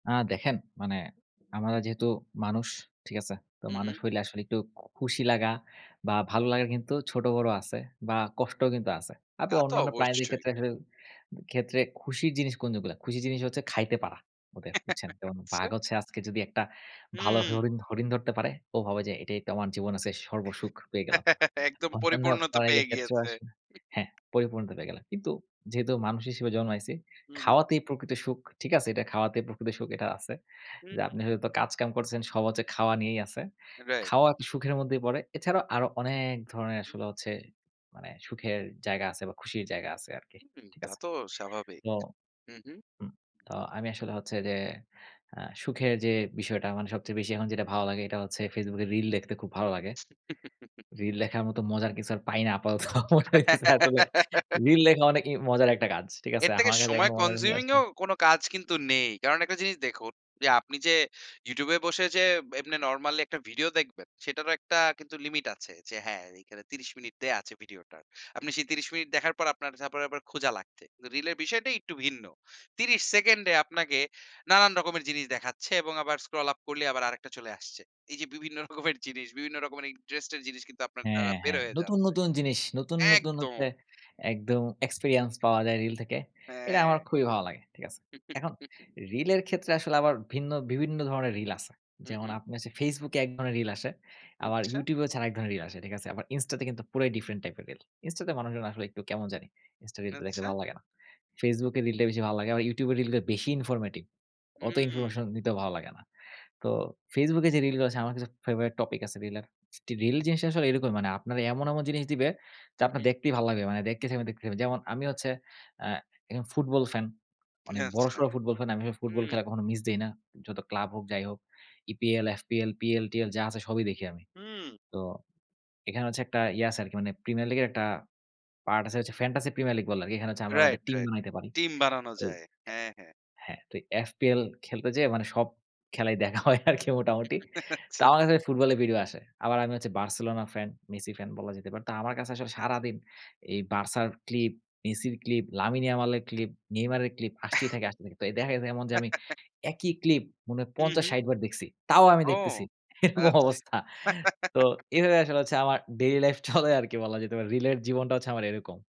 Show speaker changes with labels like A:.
A: আ দেখেন, মানে আমরা যেহেতু মানুষ, ঠিক আছে? তো
B: হু, হু।
A: মানুষ হইলে আসলে একটু খুশি লাগা বা ভালো লাগার কিন্তু ছোট-বড় আছে বা কষ্টও কিন্তু আছে। আপনি
B: তা তো
A: অন্যান্য প্রাণীদের
B: অবশ্যই।
A: ক্ষেত্রে আসলে ক্ষেত্রে খুশির জিনিস কোনগুলো? খুশির জিনিস হচ্ছে খাইতে পারা, ওদের বুঝছেন? যেমন বাঘ
B: আচ্ছা।
A: হচ্ছে আজকে যদি একটা ভালো
B: উম
A: হরিণ হরিণ ধরতে পারে, ও ভাবে যে এটাই তো আমার জীবনে আজকে সর্বসুখ পেয়ে গেলাম।
B: একদম
A: অন্যান্য
B: পরিপূর্ণ তো পেয়ে
A: প্রাণীদের ক্ষেত্রেও
B: গিয়েছে।
A: আসলে হ্যাঁ, পরিপূর্ণতা পেয়ে গেলাম। কিন্তু যেহেতু মানুষ হিসেবে জন্মাইছি,
B: উ হু।
A: খাওয়াতেই প্রকৃত সুখ, ঠিক আছে? এটা খাওয়াতেই প্রকৃত সুখ, এটা আছে।
B: হুম।
A: যে আপনি হয়তো কাজ-কাম করছেন, সব হচ্ছে খাওয়া নিয়েই আছে।
B: রাইট।
A: খাওয়া সুখের মধ্যেই পড়ে। এছাড়াও আরো অনেক ধরনের আসলে হচ্ছে মানে সুখের জায়গা আছে বা খুশির জায়গা আছে আরকি।
B: হুম,
A: ঠিক
B: তা
A: আছে?
B: তো স্বাভাবিক।
A: তো
B: উ হু।
A: উম তো আমি আসলে হচ্ছে যে আ সুখের যে বিষয়টা, মানে সবচেয়ে বেশি এখন যেটা ভালো লাগে, এটা হচ্ছে Facebook এ রিল দেখতে খুব ভালো লাগে। রিল দেখার মতো মজার কিছু আর পাই না। আপাতত মনে হইতেছে আসলে রিল দেখা অনেকেই মজার একটা কাজ। ঠিক আছে?
B: এর থেকে
A: আমার কাছে এখনো
B: সময়
A: মনে হয় না,
B: কনজিউমিং ও
A: আসলে
B: এমন কোনো কাজ কিন্তু নেই। কারণ একটা জিনিস দেখুন, যে আপনি যে YouTube এ বসে যে এমনে নরমালি একটা ভিডিও দেখবেন, সেটারও কিন্তু একটা লিমিট আছে যে হ্যাঁ, এইখানে ৩০ মিনিট দেয়া আছে ভিডিওটার। আপনি সেই ৩০ মিনিট দেখার পর আপনার তারপর আবার খুঁজা লাগছে। তো রিলের বিষয়টা একটু ভিন্ন। ৩০ সেকেন্ডে আপনাকে নানান রকমের জিনিস দেখাচ্ছে এবং আবার স্ক্রল আপ করলে আবার আরেকটা চলে আসছে। এইযে বিভিন্ন রকমের জিনিস, বিভিন্ন রকমের ইন্টারেস্টের জিনিস, কিন্তু আপনার দ্বারা
A: হ্যাঁ,
B: বের
A: হ্যাঁ
B: হয়ে
A: নতুন,
B: যাচ্ছে
A: নতুন জিনিস। নতুন, নতুন হচ্ছে
B: একদম।
A: একদম এক্সপেরিয়েন্স পাওয়া যায় রিল থেকে। এটা আমার
B: হ্যাঁ।
A: খুবই ভালো লাগে। ঠিক আছে? এখন রিলের ক্ষেত্রে আসলে আবার ভিন্ন বিভিন্ন ধরনের রিল আছে।
B: উ
A: যেমন
B: হু।
A: আপনি হচ্ছে Facebook এ এক ধরনের রিল আসে। আবার
B: ইচ্ছা।
A: YouTube এ হচ্ছে আর এক ধরনের রিল আসে। ঠিক আছে? আবার Insta তে কিন্তু পুরাই ডিফারেন্ট টাইপের রিল। Insta তে মানুষজন আসলে একটু কেমন জানি। Insta রিলগুলা দেখতে
B: আচ্ছা।
A: ভালো লাগে না। Facebook এ রিলটা বেশি ভালো লাগে। আবার YouTube এ রিলটা বেশি ইনফরমেটিভ। অত
B: হুম।
A: ইনফরমেশন নিতেও ভালো লাগে না। তো Facebook এ যে রিলগুলো আছে, আমার কাছে ফেভারিট টপিক আছে রিলের। রিল জিনিসটা আসলে এরকমই। মানে আপনার এমন, এমন জিনিস দিবে যে
B: উ
A: আপনার
B: হু।
A: দেখতেই ভালো লাগবে। মানে দেখতেই থাকবেন, দেখতেই থাকবেন। যেমন আমি হচ্ছে আ একজন ফুটবল ফ্যান। অনেক
B: আচ্ছা।
A: বড়সড় ফুটবল ফ্যান। আমি [unintelligible] ফুটবল
B: হুম।
A: খেলা কখনো মিস দেই না। যত ক্লাব হোক, যাই হোক, EPL, FPL, PL, TL যা আছে সবই দেখি আমি।
B: হুম।
A: তো এখানে হচ্ছে একটা ইয়া আছে আরকি মানে, প্রিমিয়ার লীগের একটা পার্ট আছে হচ্ছে ফ্যান্টাসি প্রিমিয়ার লীগ বলে আরকি। এখানে হচ্ছে আমরা আমাদের
B: রাইট,
A: টিম
B: রাইট।
A: বানাইতে পারি।
B: টিম বানানো
A: ওই
B: যায়। হ্যাঁ, হ্যাঁ।
A: অ্যা হ্যাঁ। তো FPL খেলতে যেয়ে মানে সব খেলাই দেখা হয় আরকি মোটামুটি। তা
B: আচ্ছা,
A: আমার কাছে
B: আচ্ছা।
A: ফুটবলের ভিডিও আসে। আবার আমি হচ্ছে Barcelona ফ্যান, মেসি ফ্যান বলা যেতে পারে। তো আমার কাছে আসলে সারাদিন এই বার্সার ক্লিপ, মেসির ক্লিপ, লামিন ইয়ামালের ক্লিপ, নেইমারের ক্লিপ আসতেই থাকে, আসতেই থাকে। তো দেখা গেছে এমন যে আমি একই ক্লিপ মনে হয়
B: উ
A: পঞ্চাশ থেকে
B: হু।
A: ষাট বার দেখছি। তাও আমি
B: ও
A: দেখতেছি। এরকম
B: আচ্ছা।
A: অবস্থা। তো এভাবে আসলে হচ্ছে আমার ডেইলি লাইফ চলে আরকি বলা যেতে পারে। রিলের জীবনটা হচ্ছে আমার এরকম।